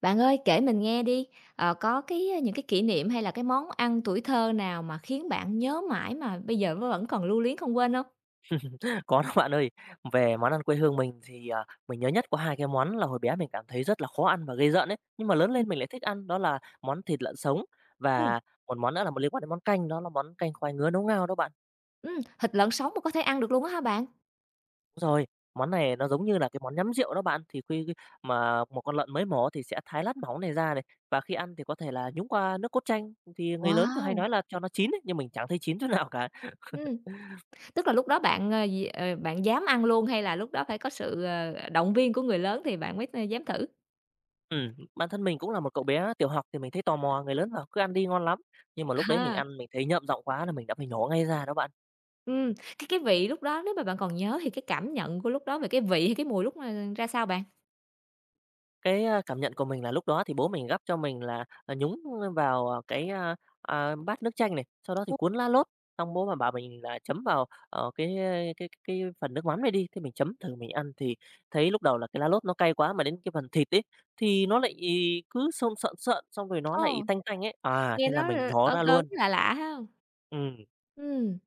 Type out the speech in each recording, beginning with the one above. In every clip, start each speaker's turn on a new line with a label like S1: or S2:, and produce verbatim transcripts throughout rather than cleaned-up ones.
S1: Bạn ơi, kể mình nghe đi, ờ, có cái những cái kỷ niệm, hay là cái món ăn tuổi thơ nào mà khiến bạn nhớ mãi mà bây giờ v vẫn còn lưu luyến không quên hông?
S2: Có đó bạn ơi, về món ăn quê hương mình thì, ờ, mình nhớ nhất có hai cái món là hồi bé mình cảm thấy rất là khó ăn và ghê rợn ấy, nhưng mà lớn
S1: Ừm.
S2: lên mình lại thích ăn, đó là món thịt lợn sống
S1: Ừm.
S2: và một món nữa là liên quan đến món canh, đó là món canh khoai ngứa nấu ngao đó bạn.
S1: Ừm, thịt lợn sống mà có thể ăn được luôn á hả bạn?
S2: Rồi, món này nó giống như là cái món nhắm rượu đó bạn, thì khi khi mà một con lợn mới mổ thì sẽ thái lát mỏng này ra này, và khi ăn thì có thể là nhúng qua nước cốt chanh, thì người lớn thường hay nói
S1: Wow!
S2: là cho nó chín ấy, nhưng mình chẳng thấy chín chỗ nào cả.
S1: Ừm, tức là lúc đó bạn, ờ, gì ờ, bạn dám ăn luôn, hay là lúc đó phải có sự, ờ, ờ, động viên của người lớn thì bạn mới th dám thử?
S2: Ừm, bản thân mình cũng là một cậu bé tiểu học thì mình thấy tò mò, người lớn bảo: "Cứ ăn đi, ngon lắm!", nhưng mà lúc đấy mình
S1: Ha.
S2: ăn mình thấy nhợm giọng quá là mình đã phải nhổ ngay ra đó bạn.
S1: Ừm, cái cái vị lúc đó nếu mà bạn còn nhớ thì cái cảm nhận của lúc đó về cái vị hay cái mùi lúc mà ra sao bạn?
S2: Cái, a, cảm nhận của mình là lúc đó thì bố mình gắp cho mình là, à, nhúng vào cái, a, a, bát nước chanh này, sau đó thì
S1: [unintelligible]
S2: cuốn lá lốt, xong bố mà bảo mình là chấm vào, ờ, cái cái cái phần nước mắm này đi, thì mình chấm thử mình ăn thì thấy lúc đầu là cái lá lốt nó cay quá, mà đến cái phần thịt ấy thì nó lại cứ sơn sợn sợn, xong rồi nó lại
S1: Ồ,
S2: tanh tanh ấy, à,
S1: nghe
S2: thế là
S1: nó
S2: mình
S1: l
S2: nhổ
S1: ớn
S2: ra
S1: ớn,
S2: luôn.
S1: lạ lạ hông?
S2: Ừm.
S1: Ừm.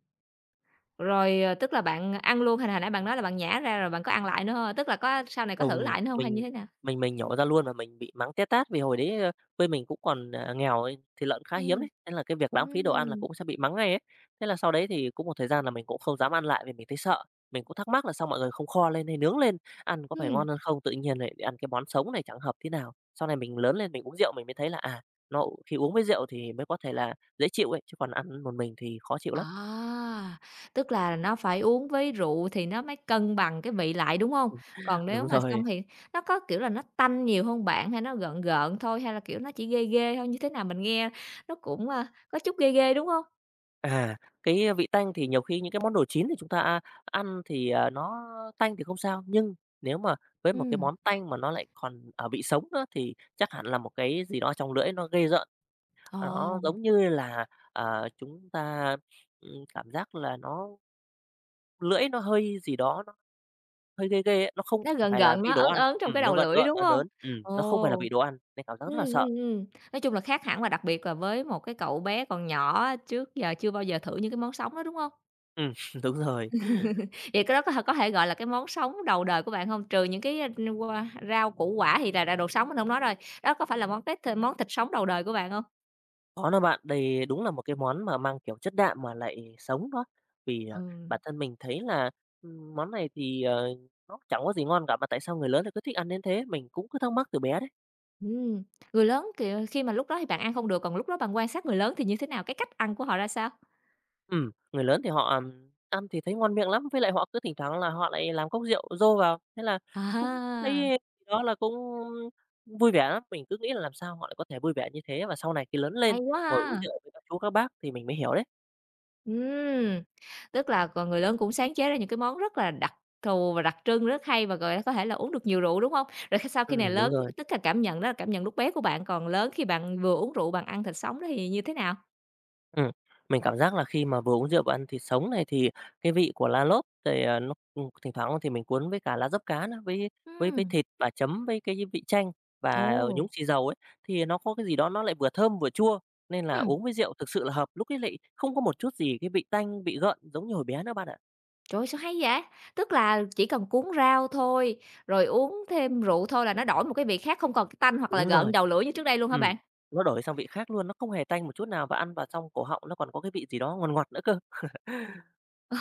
S1: Rồi, ờ, tức là bạn ăn luôn, hay là hồi nãy bạn nói là bạn nhả ra rồi bạn có ăn lại nữa hông? Tức là có sau này có thử
S2: Ừm,
S1: lại nữa hông, hay như
S2: mình
S1: thế nào?
S2: mình mình nhổ ra luôn và mình bị mắng té tát vì hồi đấy, ơ, quê mình cũng còn, ờ, nghèo ấy, thịt lợn cũng khá hiếm
S1: Ừm,
S2: ấy, thế là cái việc lãng phí đồ ăn là
S1: ừm.
S2: cũng sẽ bị mắng ngay ấy. Thế là sau đấy thì cũng một thời gian là mình cũng không dám ăn lại vì mình thấy sợ, mình cũng thắc mắc là sao mọi người không kho lên hay nướng lên ăn có phải
S1: Ừm.
S2: ngon hơn không, tự nhiên lại ăn cái món sống này chẳng hợp tý nào. Sau này mình lớn lên mình uống rượu mình mới thấy là, à, nó khi uống với rượu thì mới có thể là dễ chịu ấy, chứ còn ăn một mình thì khó chịu
S1: À,
S2: lắm.
S1: tức là nó phải uống với rượu thì nó mới cân bằng cái vị lại, đúng hông?
S2: Ừm,
S1: Còn nếu
S2: đúng
S1: mà
S2: rồi.
S1: xong thì nó có, kiểu là, nó tanh nhiều hông bạn, hay nó gợn gợn thôi, hay là, kiểu, nó chỉ ghê ghê thôi, như thế nào mình nghe nó cũng, à, có chút ghê ghê, đúng hông?
S2: À, cái vị tanh thì nhiều khi những cái món đồ chín thì chúng ta, a, ăn thì nó tanh thì không sao. Nhưng nếu mà với một cái
S1: Ừm.
S2: món tanh mà nó lại còn, ờ, vị sống á, thì chắc hẳn là một cái gì đó ở trong lưỡi nó ghê rợn. Nó
S1: Ồ!
S2: giống như là, ờ, chúng ta, ừm, cảm giác là nó lưỡi nó hơi gì đó, nó hơi ghê ghê ấy, nó không
S1: Nó
S2: ph
S1: gợn
S2: phải là
S1: gợn,
S2: vị
S1: nó
S2: đồ
S1: ớn
S2: ăn,
S1: ớn trong
S2: ừm,
S1: cái
S2: nó
S1: đầu
S2: gợn
S1: lưỡi,
S2: gợn,
S1: đúng
S2: ớn
S1: hông?
S2: ớn. Ừm, nó không phải là
S1: Ồ!
S2: vị đồ ăn nên cảm giác
S1: Ừm,
S2: rất là sợ.
S1: ừm, ừm, nói chung là khác hẳn là đặc biệt là với một cái cậu bé còn nhỏ á, trước giờ chưa bao giờ thử những cái món sống đó, đúng hông?
S2: Ừm, đúng rồi.
S1: Vậy cái đó có th có thể gọi là cái món sống đầu đời của bạn hông? Trừ những cái qua rau củ quả thì là là đồ sống mình hông nói rồi, đó có phải là món tét, món thịt sống đầu đời của bạn hông?
S2: Có đó bạn. Đây đúng là một cái món mà mang kiểu chất đạm mà lại sống đó, vì, ờ, bản
S1: Ừm.
S2: thân mình thấy là, ừm, món này thì, ờ, nó chẳng có gì ngon cả, mà tại sao người lớn lại cứ thích ăn đến thế? Mình cũng cứ thắc mắc từ bé đấy.
S1: Ừm, người lớn kìa thì khi mà lúc đó thì bạn ăn không được, còn lúc đó bạn quan sát người lớn thì như thế nào, cái cách ăn của họ ra sao?
S2: Ừm, người lớn thì họ ăn thì thấy ngon miệng lắm với lại họ cứ thỉnh thoảng là họ lại làm cốc rượu dô vào, thế là, ưm,
S1: À
S2: cũng
S1: ha.
S2: thấy đó là cũng, ưm, vui vẻ lắm. Mình cứ nghĩ là làm sao họ lại có thể vui vẻ như thế, và sau này khi lớn lên
S1: Hay quá
S2: ngồi uống
S1: ha.
S2: rượu với các chú, các bác thì mình mới hiểu đấy.
S1: Ừm, tức là c người lớn cũng sáng chế ra những cái món rất là đặc thù và đặc trưng rất hay và gọi có thể là uống được nhiều rượu, đúng hông? Rồi khi sau khi này
S2: Ừm, đúng
S1: lớn
S2: rồi.
S1: tức là cảm nhận đó là cảm nhận lúc bé của bạn, còn lớn khi bạn vừa uống rượu bạn ăn thịt sống đó thì như thế nào?
S2: Ừm, mình cảm giác là khi mà vừa uống rượu và ăn thịt sống này thì cái vị của lá lốt rồi à, nó, ưm, thỉnh thoảng á thì mình cuốn với cả lá dấp cá nữa, với với với
S1: Ừm.
S2: thịt và chấm với cái, a, vị chanh và, à, nhúng
S1: Ồ.
S2: xì dầu ấy thì nó có cái gì đó nó lại vừa thơm, vừa chua nên là
S1: Ưm.
S2: uống với rượu thực sự là hợp. Lúc ấy lại không có một chút gì cái vị tanh, vị gợn giống như hồi bé nữa bạn ạ.
S1: Trời ơi, sao hay vậy? Tức là chỉ cần cuốn rau thôi, rồi uống thêm rượu thôi là nó đổi một cái vị khác, không còn cái tanh hoặc là
S2: Đúng rồi.
S1: gợn đầu lưỡi như trước đây luôn hả
S2: Ừm,
S1: bạn?
S2: nó đổi sang vị khác luôn, nó không hề tanh một chút nào và ăn vào trong cổ họng nó còn có cái vị gì đó ngòn ngọt nữa cơ.
S1: Ồ,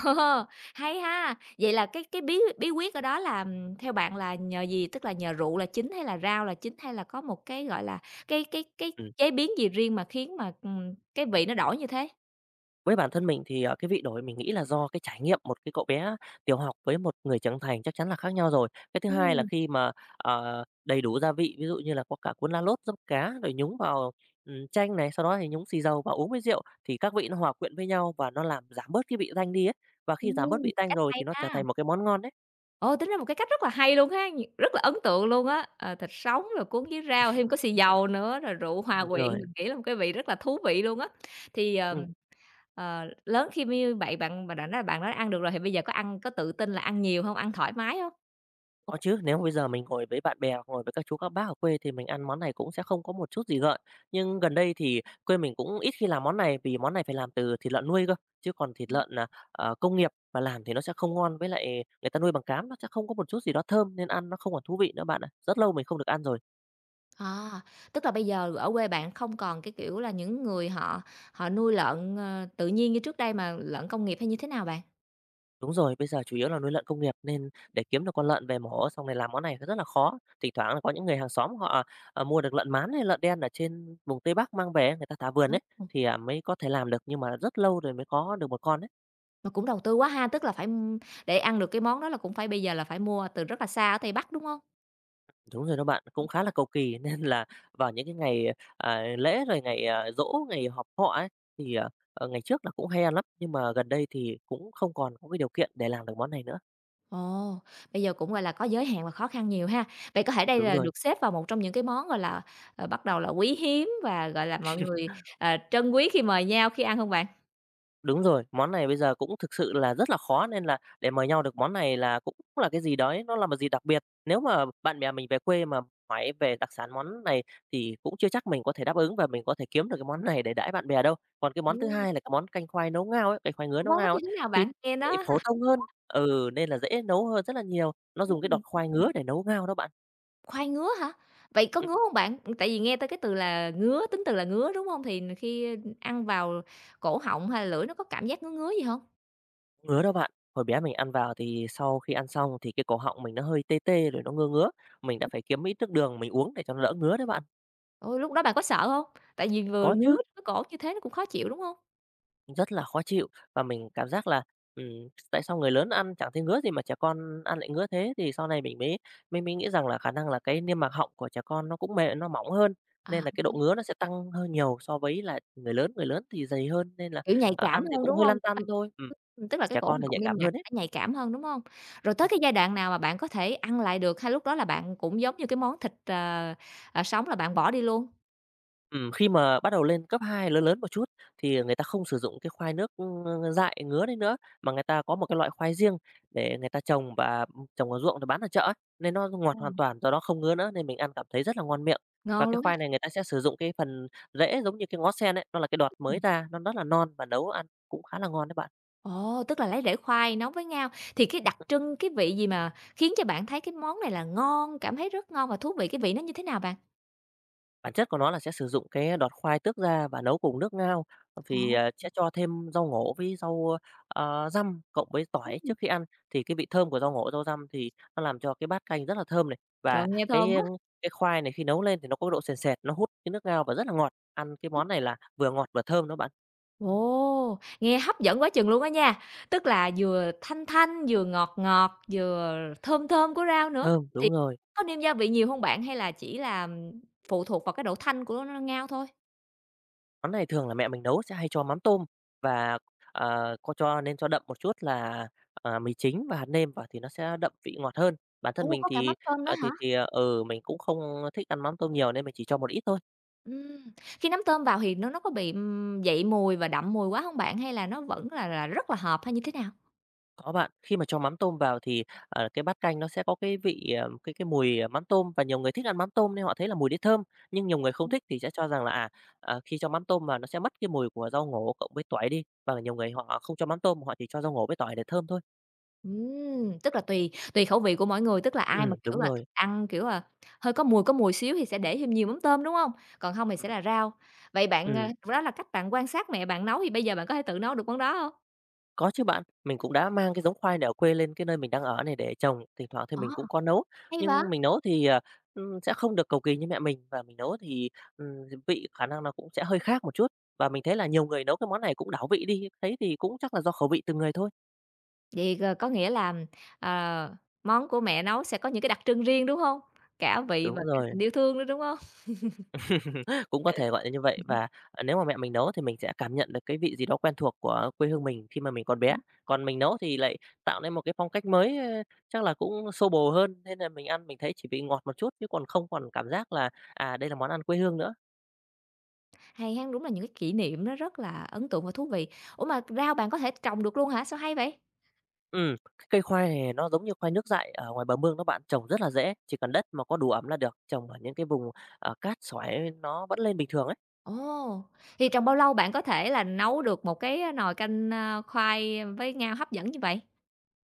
S1: hay ha! Vậy là cái cái bí bí quyết ở đó là theo bạn là nhờ gì, tức là nhờ rượu là chính hay là rau là chính, hay là có một cái, gọi là, cái cái cái
S2: Ừm.
S1: chế biến gì riêng mà khiến mà, ừm, cái vị nó đổi như thế?
S2: Với bản thân mình thì, ờ, cái vị đổi mà mình nghĩ là do cái trải nghiệm, một cái cậu bé tiểu học với một người trưởng thành chắc chắn là khác nhau rồi. Cái thứ hai là
S1: Ừm.
S2: khi mà, ờ, đầy đủ gia vị, ví dụ như là có cả cuốn lá lốt, dấp cá rồi nhúng vào, ừm, chanh này, sau đó thì nhúng xì dầu và uống với rượu, thì các vị nó hòa quyện với nhau và nó làm giảm bớt cái vị tanh đi ấy, và khi giảm bớt
S1: Ừm,
S2: vị tanh
S1: cách
S2: rồi
S1: hay
S2: thì nó trở
S1: ha.
S2: thành một cái món ngon ấy.
S1: Ồ, tính ra một cái cách rất là hay luôn ha, rất là ấn tượng luôn á! Ờ, thịt sống rồi cuốn với rau thêm có xì
S2: Ừm.
S1: dầu nữa, rồi rượu hòa
S2: Đúng
S1: quyện,
S2: rồi.
S1: mình nghĩ là một cái vị rất là thú vị luôn á. Thì,
S2: Ừm.
S1: ờm, ờ, lớn khi m như vậy bạn bạn đã nói bạn đã ăn được rồi thì bây giờ có ăn có tự tin là ăn nhiều hông, ăn thoải mái hông?
S2: Có chứ, nếu mà bây giờ mình ngồi với bạn bè hoặc ngồi với các chú các bác ở quê thì mình ăn món này cũng sẽ không có một chút gì gợn, nhưng gần đây thì quê mình cũng ít khi làm món này vì món này phải làm từ thịt lợn nuôi cơ, chứ còn thịt lợn, ờ, ờ, công nghiệp mà làm thì nó sẽ không ngon, với lại người ta nuôi bằng cám nó sẽ không có một chút gì đó thơm nên ăn nó không còn thú vị nữa bạn ạ, rất lâu mình không được ăn rồi.
S1: À, tức là bây giờ ở quê bạn không còn cái kiểu là những người họ họ nuôi lợn, ờ, tự nhiên như trước đây mà lợn công nghiệp hay như thế nào bạn?
S2: Đúng rồi, bây giờ chủ yếu là nuôi lợn công nghiệp nên để kiếm được con lợn về mổ xong rồi làm món này nó rất là khó. Thỉnh thoảng là có những người hàng xóm họ, à, ờ, mua được lợn mán hay lợn đen ở trên vùng Tây Bắc mang về ấy, người ta thả vườn ấy,
S1: [unintelligible]
S2: thì, à, mới có thể làm được, nhưng mà rất lâu rồi mới có được một con ấy.
S1: Mà cũng đầu tư quá ha, tức là phải, ưm, để ăn được cái món đó là cũng phải bây giờ là phải mua từ rất là xa ở Tây Bắc, đúng hông?
S2: Đúng rồi đó bạn, cũng khá là cầu kỳ nên là vào những cái ngày, à, à, lễ rồi ngày, à, giỗ, ngày họp họ ấy thì, ờ, ờ, ngày trước là cũng hay ăn lắm, nhưng mà gần đây thì cũng không còn không mấy điều kiện để làm được món này nữa.
S1: Ồ, bây giờ cũng, gọi là, có giới hạn và khó khăn nhiều ha. Vậy có thể đây
S2: Đúng
S1: là
S2: rồi.
S1: được xếp vào một trong những cái món, gọi là, ờ, bắt đầu là quý hiếm và, gọi là, mọi người, ờ, trân quý khi mời nhau, khi ăn hông bạn?
S2: Đúng rồi, món này bây giờ cũng thực sự là rất là khó nên là để mời nhau được món này là cũng là cái gì đó ấy nó là một dịp đặc biệt. Nếu mà bạn bè mình về quê mà hỏi về đặc sản món này thì cũng chưa chắc mình có thể đáp ứng và mình có thể kiếm được cái món này để đãi bạn bè đâu. Còn cái món thứ hai
S1: Ừm.
S2: là cái món canh khoai nấu ngao ấy, canh khoai ngứa nấu
S1: Món đó
S2: ngao ấy
S1: như thế nào
S2: thì
S1: bạn? Nghe
S2: lại
S1: nó
S2: phổ
S1: ha
S2: thông hơn
S1: [unintelligible]
S2: ừ, nên là dễ nấu hơn rất là nhiều, nó dùng cái đọt
S1: [unintelligible]
S2: khoai ngứa để nấu ngao đó bạn.
S1: Khoai ngứa hả? Vậy có
S2: Ừm.
S1: ngứa hông bạn? Ừm, tại vì nghe tới cái từ là ngứa, tính từ là ngứa, đúng hông? Thì n khi, ơ, ưm, ăn vào cổ họng hay là lưỡi nó có cảm giác ngứa ngứa gì hông?
S2: Ngứa đó bạn. Hồi bé mình ăn vào thì sau khi ăn xong thì cái cổ họng mình nó hơi tê tê rồi nó ngưa ngứa. Mình đã phải kiếm ít nước đường, mình uống để cho nó đỡ ngứa đấy bạn.
S1: Ừ, lúc đó bạn có sợ hông? Tại vì vừa ngứa
S2: Có chứ.
S1: ngứa cổ như thế nó cũng khó chịu, đúng hông?
S2: Rất là khó chịu và mình cảm giác là, ừm, tại sao người lớn ăn chẳng thấy ngứa gì mà trẻ con ăn lại ngứa thế. Thì sau này mình mới mới mới nghĩ rằng là khả năng là cái niêm mạc họng của trẻ con, nó cũng mề nó mỏng hơn
S1: À.
S2: nên là cái độ ngứa
S1: [unintelligible]
S2: nó sẽ tăng hơi nhiều so với lại người lớn. Người lớn thì dày hơn nên là,
S1: Kiểu nhạy
S2: ờ,
S1: cảm
S2: ăn thì
S1: hơn,
S2: cũng
S1: đúng
S2: hơi
S1: hông?
S2: lăn tăn
S1: [unintelligible]
S2: thôi. Ừm,
S1: Ừm, tức là cái
S2: trẻ
S1: cổ
S2: con là nhạy
S1: họng niêm
S2: cảm
S1: mạc
S2: hơn ấy.
S1: nó nhạy cảm hơn, đúng hông? Rồi tới
S2: Ừm.
S1: cái giai đoạn nào mà bạn có thể ăn lại được hay lúc đó là bạn cũng giống như cái món thịt tr ờ, sống là bạn bỏ đi luôn?
S2: Ừm, khi mà bắt đầu lên cấp hai, lớn lớn một chút thì, ờ, người ta không sử dụng cái khoai nước, ưm, ng ng dại ngứa đấy nữa, mà người ta có một cái loại khoai riêng để người ta trồng và, ừm, trồng ở ruộng để bán ở chợ á, nên nó ngọt hoàn
S1: Ờm.
S2: toàn, do đó không ngứa nữa nên mình ăn cảm thấy rất là ngon miệng. Và
S1: Ngon
S2: cái
S1: luôn ha.
S2: khoai này người ta sẽ sử dụng cái phần rễ giống như cái ngó sen ấy, nó là cái đọt mới
S1: Ừm.
S2: ra, nó rất là non và nấu ăn cũng khá là ngon đấy bạn.
S1: Ồ, tức là lấy rễ khoai nấu với ngao. Thì cái đặc trưng, cái vị gì mà khiến cho bạn thấy cái món này là ngon, cảm thấy rất ngon và thú vị, cái vị nó như thế nào bạn?
S2: Bản chất của nó là sẽ sử dụng cái đọt khoai tước ra và nấu cùng nước ngao vì,
S1: Ô.
S2: à, sẽ cho thêm rau ngổ với rau, a, răm, cộng với tỏi
S1: Ừm.
S2: trước khi ăn, thì cái vị thơm của rau ngổ, rau răm thì nó làm cho cái bát canh rất là thơm này
S1: Trời
S2: và
S1: ơi, nghe
S2: cái,
S1: thơm
S2: a,
S1: quá.
S2: cái khoai này khi nấu lên thì nó có cái độ sền sệt, nó hút cái nước ngao và rất là ngọt, ăn cái món này là vừa ngọt, vừa thơm đó bạn.
S1: Ồ, nghe hấp dẫn quá chừng luôn á nha. Tức là vừa thanh thanh, vừa ngọt ngọt, vừa thơm thơm của rau nữa,
S2: Thơm,
S1: thì
S2: đúng rồi.
S1: có nêm gia vị nhiều hông bạn? Hay là chỉ là phụ thuộc vào cái độ thanh của ngao thôi?
S2: Món này thường là mẹ mình nấu sẽ hay cho mắm tôm và, ờ, có cho nên cho đậm một chút là, à, mì chính và hạt nêm vào thì nó sẽ đậm vị ngọt hơn. Bản thân
S1: Ô,
S2: mình
S1: có cả
S2: thì,
S1: mắm tôm nữa
S2: à, thì
S1: hả?
S2: thì, à, ừ, mình cũng không thích ăn mắm tôm nhiều nên mình chỉ cho một ít thôi.
S1: Ừm, khi nắm tôm vào thì nó nó có bị, ừm, dậy mùi và đậm mùi quá hông bạn? Hay là nó vẫn là là rất là hợp hay như thế nào?
S2: Có bạn. Khi mà cho mắm tôm vào thì, à, cái bát canh nó sẽ có cái vị, à, cái cái mùi, à, mắm tôm và nhiều người thích ăn mắm tôm nên họ thấy là mùi đấy thơm, nhưng nhiều người không
S1: Ừm.
S2: thích thì sẽ cho rằng là, à, à, khi cho mắm tôm vào nó sẽ mất cái mùi của rau ngổ cộng với tỏi đi, hoặc là nhiều người họ không cho mắm tôm, họ chỉ cho rau ngổ với tỏi để thơm thôi.
S1: Ừm, tức là tùy tùy khẩu vị của mỗi người, tức là ai mà,
S2: Ừm, đúng
S1: kiểu là,
S2: rồi.
S1: thích ăn, kiểu là, hơi có mùi có mùi xíu thì sẽ để thêm nhiều mắm tôm, đúng hông? Còn hông thì sẽ
S2: Ừm.
S1: là rau. Vậy bạn, à,
S2: Ừm.
S1: đó là cách bạn quan sát mẹ bạn nấu thì bây giờ bạn có thể tự nấu được món đó hông?
S2: Có chứ bạn, mình cũng đã mang cái giống khoai này ở quê lên cái nơi mình đang ở này để trồng, thỉnh thoảng thì
S1: À,
S2: mình cũng có nấu,
S1: hay vậy?
S2: nhưng mình nấu thì, ừm, sẽ không được cầu kỳ như mẹ mình và mình nấu thì, ừm, h vị khả năng nó cũng sẽ hơi khác một chút. Và mình thấy là nhiều người nấu cái món này cũng đảo vị đi, thế thì cũng chắc là do khẩu vị từng người thôi.
S1: Vậy, ờ, có nghĩa là, ờ, món của mẹ nấu sẽ có những cái đặc trưng riêng, đúng hông? Cả vị
S2: Đúng
S1: và cả
S2: rồi.
S1: tình yêu thương nữa, đúng hông?
S2: Cũng có thể gọi là như vậy, và, ờ, nếu mà mẹ mình nấu thì mình sẽ cảm nhận được cái vị gì đó quen thuộc của quê hương mình khi mà mình còn bé,
S1: Ừm.
S2: còn mình nấu thì lại tạo nên một cái phong cách mới, ơ, chắc là cũng xô bồ hơn nên là mình ăn mình thấy chỉ bị ngọt một chút chứ còn không còn cảm giác là, à, đây là món ăn quê hương nữa.
S1: Hay ha, đúng là những cái kỷ niệm nó rất là ấn tượng và thú vị. Ủa mà rau bạn có thể trồng được luôn hả, sao hay vậy?
S2: Ừm, cái cây khoai này nó giống như khoai nước dại ở ngoài bờ mương đó bạn, trồng rất là dễ, chỉ cần đất mà có đủ ẩm là được, trồng ở những cái vùng, ờ, cát sỏi nó vẫn lên bình thường ấy.
S1: Ồ, thì trong bao lâu bạn có thể là nấu được một cái nồi canh khoai với ngao hấp dẫn như vậy?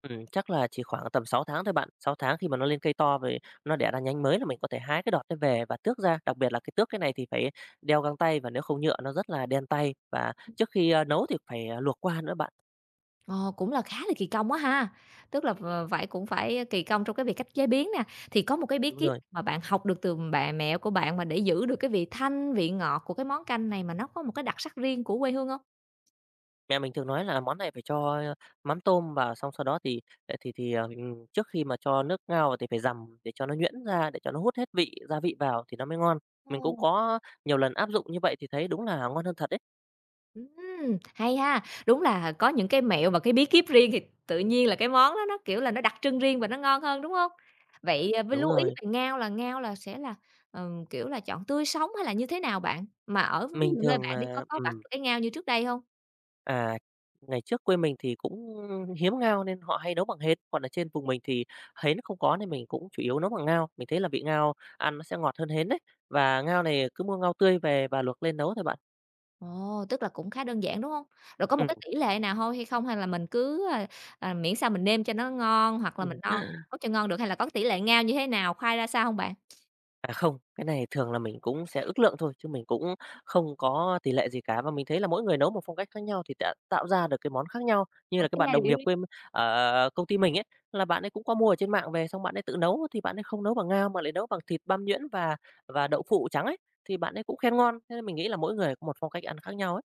S2: Ừm, chắc là chỉ khoảng tầm sáu tháng thôi bạn, sáu tháng khi mà nó lên cây to rồi nó đẻ ra nhánh mới là mình có thể hái cái đọt đó về và tước ra, đặc biệt là cái tước cái này thì phải đeo găng tay và nếu không nhựa nó rất là đen tay, và
S1: Ừm.
S2: trước khi, ơ, nấu thì phải luộc qua nữa bạn.
S1: Ồ, cũng là khá là kỳ công quá ha, tức là v vậy cũng phải kì công trong cái việc cách chế biến nè, thì có một cái bí
S2: Đúng
S1: kíp
S2: rồi.
S1: mà bạn học được từ bạ mẹ của bạn mà để giữ được cái vị thanh, vị ngọt của cái món canh này mà nó có một cái đặc sắc riêng của quê hương hông?
S2: Mẹ mình thường nói là món này phải cho mắm tôm vào xong sau đó thì, ờ, thì thì, ờ, ừm, trước khi mà cho nước ngao vào thì phải dằm để cho nó nhuyễn ra, để cho nó hút hết vị, gia vị vào thì nó mới ngon. Mình cũng
S1: Ồ.
S2: có nhiều lần áp dụng như vậy thì thấy đúng là ngon hơn thật đấy.
S1: Ừm, hay ha, đúng là có những cái mẹo và cái bí kíp riêng thì tự nhiên là cái món đó nó, kiểu là, nó đặc trưng riêng và nó ngon hơn, đúng hông? Vậy với
S2: Đúng
S1: lưu ý
S2: rồi.
S1: về ngao là ngao là sẽ là, ờ, kiểu là, chọn tươi sống hay là như thế nào bạn? Mà ở ví
S2: Mình
S1: dụ nơi
S2: thường,
S1: bạn đi
S2: à
S1: có có bắt
S2: ừm.
S1: được cái ngao như trước đây hông?
S2: À, ngày trước quê mình thì cũng hiếm ngao nên họ hay nấu bằng hến, còn ở trên vùng mình thì hến nó không có nên mình cũng chủ yếu nấu bằng ngao. Mình thấy là vị ngao ăn nó sẽ ngọt hơn hến đấy, và ngao này cứ mua ngao tươi về và luộc lên nấu thôi bạn.
S1: Ồ, tức là cũng khá đơn giản, đúng hông? Rồi có một cái
S2: Ừm.
S1: tỉ lệ nào thôi hay không, hay là mình cứ, ờ, ờ, miễn sao mình nêm cho nó ngon hoặc là mình đo định mức cho ngon được, hay là có cái tỉ lệ ngao như thế nào, khoai ra sao hông bạn?
S2: À, không, cái này thường là mình cũng sẽ ước lượng thôi chứ mình cũng không có tỉ lệ gì cả, và mình thấy là mỗi người nấu một phong cách khác nhau thì đã tạo ra được cái món khác nhau. Như
S1: Một
S2: là cái
S1: cái
S2: bạn đồng nghiệp
S1: [unintelligible]
S2: quê m ở ở ở công ty mình ấy, là bạn ấy cũng có mua ở trên mạng về xong bạn ấy tự nấu, thì bạn ấy không nấu bằng ngao, mà lại nấu bằng thịt băm nhuyễn và và đậu phụ trắng ấy. Thì bạn ấy cũng khen ngon, thế nên mình nghĩ là mỗi người có một phong cách ăn khác nhau ấy.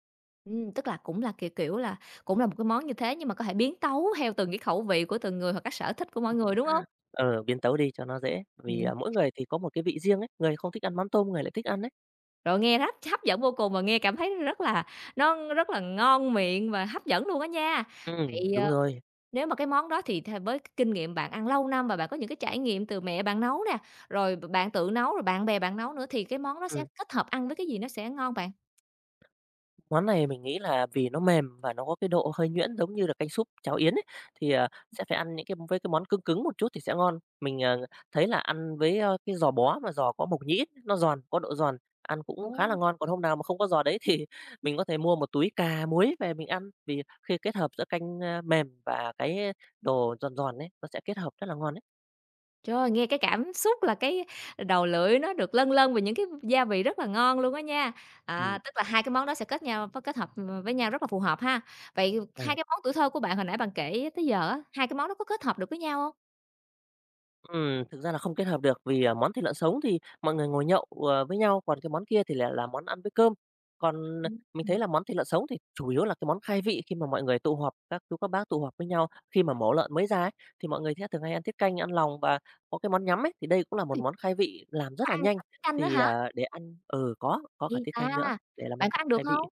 S1: Ừm, tức là cũng là, kiểu kiểu, là cũng là một cái món như thế nhưng mà có thể biến tấu theo từng cái khẩu vị của từng người hoặc cái sở thích của mỗi người, đúng hông?
S2: Ờ, biến tấu đi cho nó dễ. Vì,
S1: Ừm.
S2: ờ, mỗi người thì có một cái vị riêng ấy, người thì không thích ăn mắm tôm, có người lại thích ăn ấy.
S1: Rồi, nghe hấp hấp dẫn vô cùng và nghe cảm thấy, ừm, rất là nó rất là ngon miệng và hấp dẫn luôn á nha!
S2: Ừm,
S1: Vậy,
S2: đúng
S1: ờ,
S2: rồi.
S1: nếu mà cái món đó thì th với cái kinh nghiệm bạn ăn lâu năm và bạn có những cái trải nghiệm từ mẹ bạn nấu nè, rồi b bạn tự nấu, rồi bạn bè bạn nấu nữa thì cái món đó sẽ
S2: Ừm.
S1: kết hợp ăn với cái gì nó sẽ ngon bạn?
S2: Món này mình nghĩ là vì nó mềm và nó có cái độ hơi nhuyễn giống như là canh súp, cháo yến ấy, thì,
S1: Ừm.
S2: à, sẽ phải ăn những cái với cái món cưng cứng một chút thì sẽ ngon. Mình, à, thấy là ăn với, a, cái giò bó mà giò có mộc nhĩ, nó giòn, có độ giòn, ăn cũng khá là
S1: Ô.
S2: ngon. Còn hôm nào mà không có giò đấy thì mình có thể mua một túi cà muối về mình ăn. Vì khi kết hợp giữa canh, a, mềm và cái đồ giòn giòn ấy, nó sẽ kết hợp rất là ngon ấy.
S1: Trời, nghe cái cảm xúc là cái đầu lưỡi nó được lâng lâng vì những cái gia vị rất là ngon luôn á nha.
S2: Ừm.
S1: À, tức là hai cái món đó sẽ kết nhau kết hợp v với nhau rất là phù hợp ha. Vậy
S2: À.
S1: hai cái món tuổi thơ của bạn hồi nãy bạn kể tới giờ á, hai cái món đó có kết hợp được với nhau hông?
S2: Ừm, thực ra là không kết hợp được vì, à, món thịt lợn sống thì mọi người ngồi nhậu, ờ, với nhau, còn cái món kia thì lại là món ăn với cơm. Còn, à,
S1: Ừm.
S2: mình thấy
S1: Ừm.
S2: là món thịt lợn sống thì chủ yếu là cái món khai vị khi mà mọi người tụ họp, các chú các bác tụ họp với nhau, khi mà mổ lợn mới ra ấy, thì mọi người thường hay ăn tiết canh, ăn lòng và có cái món nhắm ấy. Thì đây cũng là một
S1: Ôi.
S2: món khai vị làm
S1: Có
S2: rất là
S1: ăn
S2: nhanh
S1: cả tiết canh nữa
S2: thì,
S1: hả?
S2: ờ, để ăn ừ, có, có
S1: Ghê
S2: cả tiết
S1: ta.
S2: canh nữa để làm món
S1: Bạn có ăn được
S2: khai vị ấy.
S1: hông?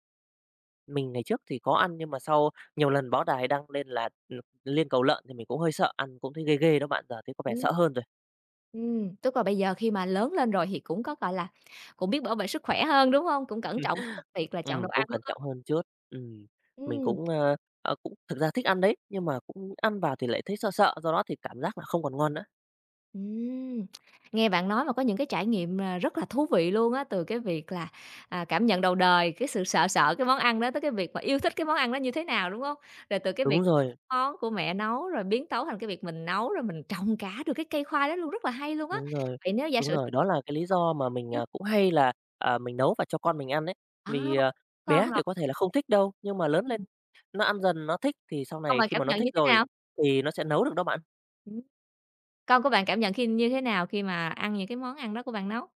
S2: Mình ngày trước thì có ăn, nhưng mà sau nhiều lần báo đài đăng lên là l liên cầu lợn thì mình cũng hơi sợ, ăn cũng thấy ghê ghê đó bạn, giờ thấy có vẻ
S1: Ừm.
S2: sợ hơn rồi.
S1: Ừm, tức là bây giờ khi mà lớn lên rồi thì cũng có, gọi là, cũng biết bảo vệ sức khỏe hơn, đúng hông? Cũng cẩn
S2: Ừm,
S1: trọng trong cái việc là chọn
S2: ừm,
S1: đồ
S2: cũng
S1: ăn,
S2: cẩn
S1: đúng hông?
S2: trọng hơn chút. Ừm, mình
S1: Ừm.
S2: cũng, ơ, ờ, cũng thực ra thích ăn đấy, nhưng mà cũng ăn vào thì lại thấy sợ sợ, do đó thì cảm giác là không còn ngon nữa.
S1: Ừm, nghe bạn nói mà có những cái trải nghiệm mà rất là thú vị luôn á, từ cái việc là, à, cảm nhận đầu đời, cái sự sợ sợ cái món ăn đó tới cái việc mà yêu thích cái món ăn đó như thế nào, đúng hông? Rồi từ cái
S2: Đúng
S1: việc
S2: rồi.
S1: món của mẹ nấu rồi biến tấu thành cái việc mình nấu rồi mình trồng cả được cái cây khoai đó luôn, rất là hay luôn á!
S2: Đúng rồi,
S1: Vậy nếu giả
S2: đúng
S1: sử
S2: rồi, đó là cái lý do mà mình,
S1: [unintelligible]
S2: ờ, cũng hay là, à, mình nấu và cho con mình ăn ấy,
S1: À,
S2: vì, ờ, bé thì
S1: [unintelligible]
S2: có thể là không thích đâu, nhưng mà lớn
S1: Ừm.
S2: lên nó ăn dần nó thích thì sau
S1: Xong
S2: này
S1: rồi
S2: khi
S1: cảm
S2: mà nó
S1: nhận
S2: thích
S1: như thế
S2: rồi,
S1: nào?
S2: thì nó sẽ nấu được đó bạn.
S1: Ừm. Con của bạn cảm nhận khi như thế nào khi mà ăn những cái món ăn đó của bạn nấu?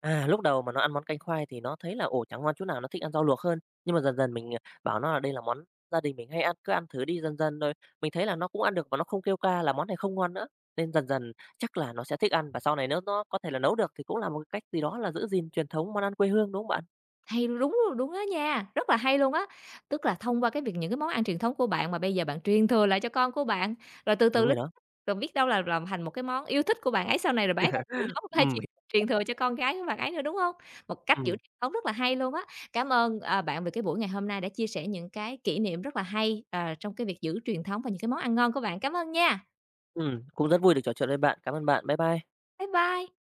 S2: À, lúc đầu mà nó ăn món canh khoai thì nó thấy là, ồ, chẳng ngon chỗ nào nó thích ăn rau luộc hơn. Nhưng mà dần dần mình, ờ, bảo nó là đây là món gia đình mình hay ăn, cứ ăn thử đi dần dần rồi, mình thấy là nó cũng ăn được và nó không kêu ca là món này không ngon nữa. Nên dần dần chắc là nó sẽ thích ăn và sau này nếu nó có thể là nấu được thì cũng là một cái cách gì đó là giữ gìn truyền thống món ăn quê hương, đúng không bạn?
S1: Hay, đúng rồi, đúng đó nha, rất là hay luôn á. Tức là thông qua cái việc những cái món ăn truyền thống của bạn, mà bây giờ bạn truyền thừa lại cho con của bạn, rồi từ từ
S2: Đúng
S1: l
S2: rồi đó.
S1: rồi biết đâu là làm thành một cái món yêu thích của bạn ấy sau này, rồi bạn ấy sẽ thử nấu hay
S2: Ừm.
S1: truyền truyền
S2: [unintelligible]
S1: thừa cho con gái của bạn ấy nữa, đúng hông? Một cách giữ
S2: Ừm.
S1: truyền thống rất là hay luôn á. Cám ơn, ờ, bạn về cái buổi ngày hôm nay đã chia sẻ những cái kỉ niệm rất là hay, ờ, trong cái việc giữ truyền thống và những cái món ăn ngon của bạn. Cám ơn nha.
S2: Ừm, cũng rất vui được trò chuyện với bạn. Cảm ơn bạn. Bye bye.
S1: Bye bye.